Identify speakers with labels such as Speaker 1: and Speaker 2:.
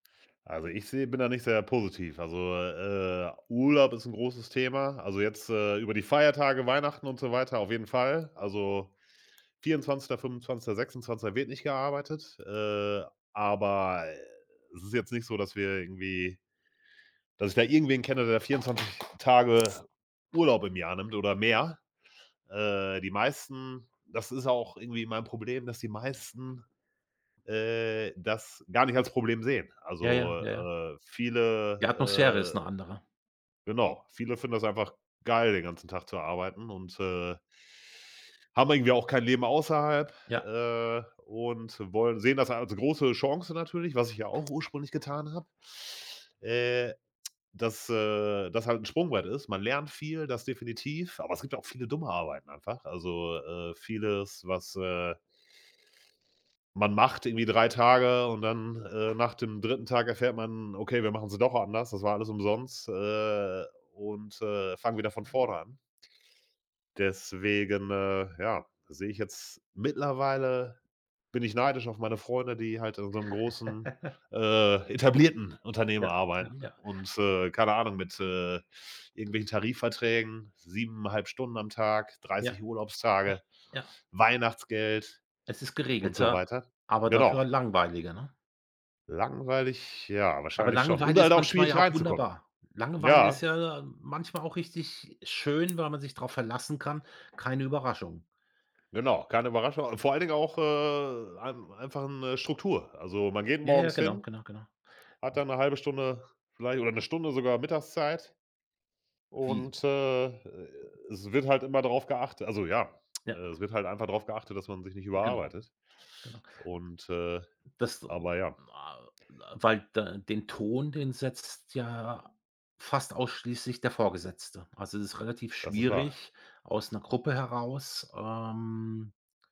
Speaker 1: Also ich sehe bin da nicht sehr positiv. Also, äh, äh, Urlaub ist 'n großes Thema. Also jetzt, äh, über die Feiertage, Weihnachten und so weiter, auf jeden Fall. Also 24., 25., 26. wird nicht gearbeitet, äh, aber es ist jetzt nicht so, dass wir irgendwie dass ich da irgendwen kenne, der 24 Tage Urlaub im Jahr nimmt oder mehr. Äh, die meisten das ist auch irgendwie mein Problem, dass die meisten, äh, das gar nicht als Problem sehen.
Speaker 2: Ja,
Speaker 1: Also,
Speaker 2: ja, ja.
Speaker 1: äh, viele
Speaker 2: Die Atmosphäre ist 'ne
Speaker 1: äh,
Speaker 2: andere.
Speaker 1: genau, viele finden das einfach geil, den ganzen Tag zu arbeiten und, äh haben irgendwie auch kein Leben außerhalb,
Speaker 2: Ja.
Speaker 1: äh, und wollen sehen das als große Chance natürlich, was ich ja auch ursprünglich getan habe, äh, dass, äh, das halt 'n Sprungbrett ist. Man lernt viel, das definitiv, aber es gibt ja auch viele dumme Arbeiten einfach. Also, äh, vieles, was, äh man macht irgendwie 3 Tage und dann, äh, nach dem 3. Tag erfährt man: „Okay, wir machen sie doch anders, das war alles umsonst, äh, und, äh, fangen wieder von vorne an.“ Deswegen, äh, ja, sehe ich jetzt mittlerweile, bin ich neidisch auf meine Freunde, die halt in so 'nem großen, äh, etablierten Unternehmen
Speaker 2: Ja, ja,
Speaker 1: arbeiten
Speaker 2: ja.
Speaker 1: und, äh, keine Ahnung, mit, äh, irgendwelchen Tarifverträgen, 7 1/2 Stunden am Tag,
Speaker 2: Ja,
Speaker 1: 30
Speaker 2: ja,
Speaker 1: Urlaubstage,
Speaker 2: ja.
Speaker 1: Weihnachtsgeld
Speaker 2: Es ist
Speaker 1: und so
Speaker 2: geregelter,
Speaker 1: weiter.
Speaker 2: aber
Speaker 1: Genau.
Speaker 2: dafür langweiliger, ne?
Speaker 1: Langweilig, ja,
Speaker 2: Aber
Speaker 1: wahrscheinlich schon und
Speaker 2: Langeweile
Speaker 1: halt
Speaker 2: ist
Speaker 1: auch
Speaker 2: manchmal
Speaker 1: schwierig
Speaker 2: ja auch
Speaker 1: reinzukommen.
Speaker 2: wunderbar. Langweile
Speaker 1: Ja.
Speaker 2: ist ja manchmal auch richtig schön, weil man sich drauf verlassen kann, keine Überraschungen.
Speaker 1: Genau, keine Überraschung vor allen Dingen auch, äh, ein einfach 'ne Struktur. Also, man geht
Speaker 2: Ja, ja,
Speaker 1: morgens
Speaker 2: genau,
Speaker 1: hin,
Speaker 2: genau, genau.
Speaker 1: hat
Speaker 2: W
Speaker 1: dann 'ne 1/2 Stunde vielleicht oder 'ne Stunde sogar Mittagszeit
Speaker 2: Wie?
Speaker 1: und, äh, e e es wird halt immer drauf geachtet also ja, äh,
Speaker 2: Ja.
Speaker 1: es wird halt einfach drauf geachtet, dass man sich nicht
Speaker 2: Genau,
Speaker 1: überarbeitet.
Speaker 2: genau.
Speaker 1: Und, äh
Speaker 2: Das,
Speaker 1: aber ja.
Speaker 2: a weil da den Ton, den setzt ja fast ausschließlich der Vorgesetzte. Also es ist relativ
Speaker 1: Das ist wahr.
Speaker 2: schwierig aus 'ner Gruppe heraus, ähm